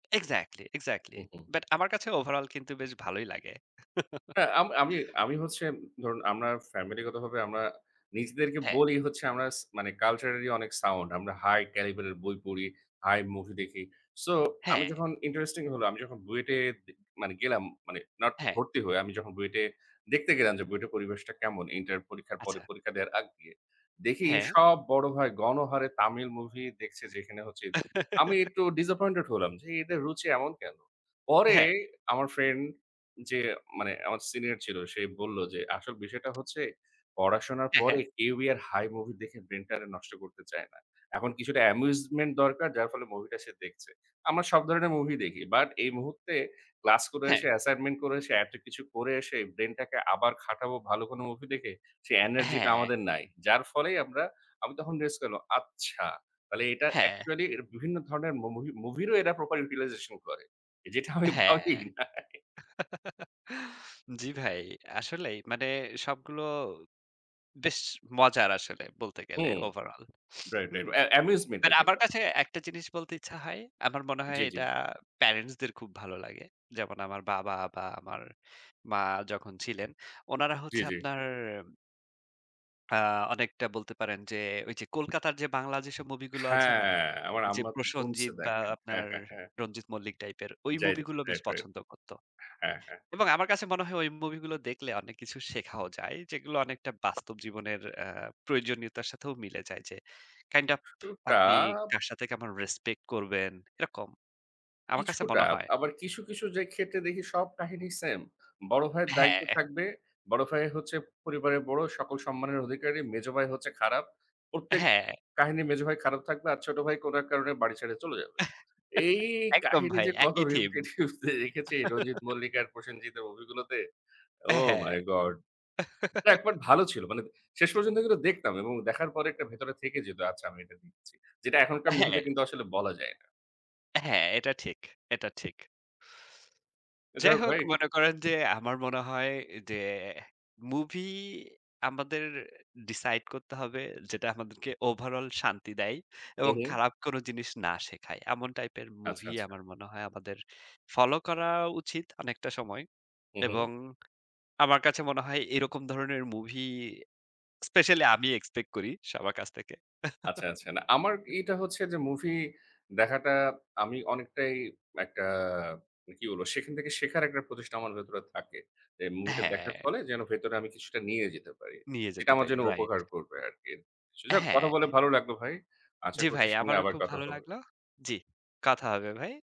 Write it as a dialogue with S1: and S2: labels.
S1: Exactly, exactly.
S2: হু, হু।
S1: But আমার কাছে ওভারঅল কিন্তু বেশ ভালোই লাগে।
S2: না, আম আমি আমি হচ্ছে ধরুন আমরা ফ্যামিলিগতভাবে আমরা নিজদেরকে
S1: হ্যাঁ।
S2: বলি হচ্ছে আমরা স মানে culturally অনেক sound, আমরা high caliber এর বই পড়ি, high মুভি দেখি। সো আমি
S1: হ্যাঁ।
S2: যখন ইন্টারেস্টিং হলো আমি যখন বুয়েটে মানে গেলাম, মানে নট
S1: হ্যাঁ।
S2: ভর্তি হয়ে। আমি যখন বুয়েটে দেখতে গেলাম যে বুয়েটের পরিবেশটা কেমন। ইন্টার পরীক্ষার পরে
S1: আচ্ছা।
S2: পরীক্ষা দেওয়ার আগ দিয়ে। দেখি
S1: হ্যাঁ।
S2: সব বড় ভাই গণহারে তামিল মুভি দেখছে যেখানে হচ্ছে [unintelligible] আমি একটু disappointed হলাম যে, "এদের রুচি এমন কেন?" পরে
S1: হ্যাঁ।
S2: আমার ফ্রেন্ড যে মানে আমার সিনিয়র ছিল। সে বলল যে আসল বিষয়টা হচ্ছে, "পড়াশোনার
S1: হ্যাঁ,
S2: পরে
S1: হ্যাঁ।
S2: কেউই আর হাই মুভি দেখে ব্রেইনটারে নষ্ট করতে চায় না। এখন কিছুটা amusement দরকার, যার ফলে মুভিটা সে দেখছে। আমরা সব ধরনের মুভি দেখি। বাট এই মুহূর্তে ক্লাস করে
S1: হ্যাঁ।
S2: এসে, অ্যাসাইনমেন্ট করে এসে, এত কিছু করে এসে, ব্রেইনটাকে আবার খাটাবো ভালো কোনো মুভি দেখে, সে এনার্জিটা
S1: হ্যাঁ।
S2: আমাদের নাই।" যার ফলেই আমরা আমি তখন গেস করলাম আচ্ছা! তাহলে এটা
S1: হ্যাঁ।
S2: অ্যাকচুয়ালি এরা বিভিন্ন ধরনের ম মুভি মুভিরও এরা proper utilization করে, যেটা আমি
S1: হ্যাঁ।
S2: ভাবিই নাই।
S1: জ্বি ভাই। আসলেই মানে সবগুলো বেশ মজার আসলে বলতে গেলে
S2: hmm.
S1: Overall,
S2: right,
S1: hmm.
S2: Right. Uh amusement
S1: but
S2: আরকি
S1: আমার
S2: এটা।
S1: কাছে একটা জিনিস বলতে ইচ্ছা হয়। আমার মনে হয়
S2: জ্বি, জ্বি।
S1: এটা parents দের খুব ভালো লাগে। যেমন আমার বাবা বা আমার মা যখন ছিলেন, উনারা
S2: জ্বি,
S1: হচ্ছে
S2: জ্বি।
S1: আপনার আ অনেকটা বলতে পারেন যে, ওই যে কলকাতার যে বাংলা যেসব মুভি গুলো আছে না?
S2: হ্যাঁ, আমার
S1: যে
S2: আম্মা তো ধুমসে
S1: প্রসেনজিৎ বা
S2: দেখেন।
S1: আপনার রঞ্জিত মল্লিক টাইপের ওই
S2: যাইট
S1: মুভি গুলো বেশ
S2: রাইট, রাইট।
S1: পছন্দ করত।
S2: হ্যাঁ, হ্যাঁ, হ্যাঁ।
S1: এবং আমার কাছে মনে হয় ওই মুভি গুলো দেখলে অনেক কিছু শেখাও যায়। যেগুলো অনেকটা বাস্তব জীবনের অ্যা প্রয়োজনীয়তার সাথেও মিলে যায়, যে kind of আপনি
S2: তাব
S1: কার সাথে কেমন রেসপেক্ট করবেন এরকম। আমার কাছে
S2: কিছুটা।
S1: মনে হয়।
S2: আবার কিছু, কিছু যে ক্ষেত্রে দেখি সব কাহিনী সেম। বড় ভাইয়ের দায়িত্ব
S1: হ্যাঁ।
S2: থাকবে, বড় ভাই হচ্ছে পরিবারের বড়, সকল সম্মানের অধিকারী। মেজ ভাই হচ্ছে খারাপ। প্রত্যেক
S1: হ্যাঁ।
S2: কাহিনী মেজ ভাই খারাপ থাকবে আর ছোট ভাই কোনো এক কারণে বাড়ি ছেড়ে চলে যাবে। এই
S1: একদম
S2: কাহিনী
S1: ভাই,
S2: যে কত
S1: একই থিম।
S2: repetitively যে দেখেছি। রঞ্জিত মল্লিক আর প্রসেনজিৎ এর মুভি গুলোতে,
S1: হ্যাঁ,
S2: ওহ
S1: হ্যাঁ।
S2: My god! এটা একবার ভালো ছিল। মানে শেষ পর্যন্ত এগুলো দেখতাম এবং দেখার পরে একটা ভেতরে থেকে যেত, আচ্ছা আমি এটা দেখেছি। যেটা এখনকার মুভিতে
S1: হ্যাঁ।
S2: কিন্তু আসলে বলা যায় না।
S1: হ্যাঁ। এটা ঠিক, এটা ঠিক।
S2: যা
S1: যাই
S2: হোক
S1: হোক।
S2: ভাই।
S1: মনে করেন যে, আমার মনে হয় যে মুভি আমাদের ডিসাইড করতে হবে যেটা আমাদেরকে ওভারঅল শান্তি দেয় এবং
S2: উম হুম।
S1: খারাপ কোনো জিনিস না শেখায়। এমন টাইপের
S2: আচ্ছা,
S1: মুভি
S2: আচ্ছা।
S1: আমার মনে হয় আমাদের ফলো করা উচিত অনেকটা সময়।
S2: হু, হু।
S1: এবং আমার কাছে মনে হয় এরকম ধরনের মুভি স্পেশালি আমি এক্সপেক্ট করি সবার কাছ থেকে।
S2: আচ্ছা, আচ্ছা, না। আমার এইটা হচ্ছে যে মুভি দেখাটা আমি অনেকটাই একটা কি বলবো সেখান থেকে শেখার একটা প্রচেষ্টা আমার ভেতরে থাকে। যে মুভিটা দেখার
S1: হ্যাঁ।
S2: ফলে যেন ভেতরে আমি কিছুটা নিয়ে যেতে পারি।
S1: নিয়ে
S2: এটা
S1: যেতে
S2: আমার
S1: পারি।
S2: জন্য
S1: রাইট।
S2: উপকার করবে আরকি। স যাহোক কথা
S1: হ্যাঁ।
S2: বলে ভালো লাগলো ভাই। আশা
S1: জ্বি
S2: করছি
S1: ভাই,
S2: সামনে
S1: আমারও
S2: আবার
S1: খুব
S2: কথা
S1: ভালো
S2: হবে।
S1: লাগলো। জ্বি। কথা হবে ভাই।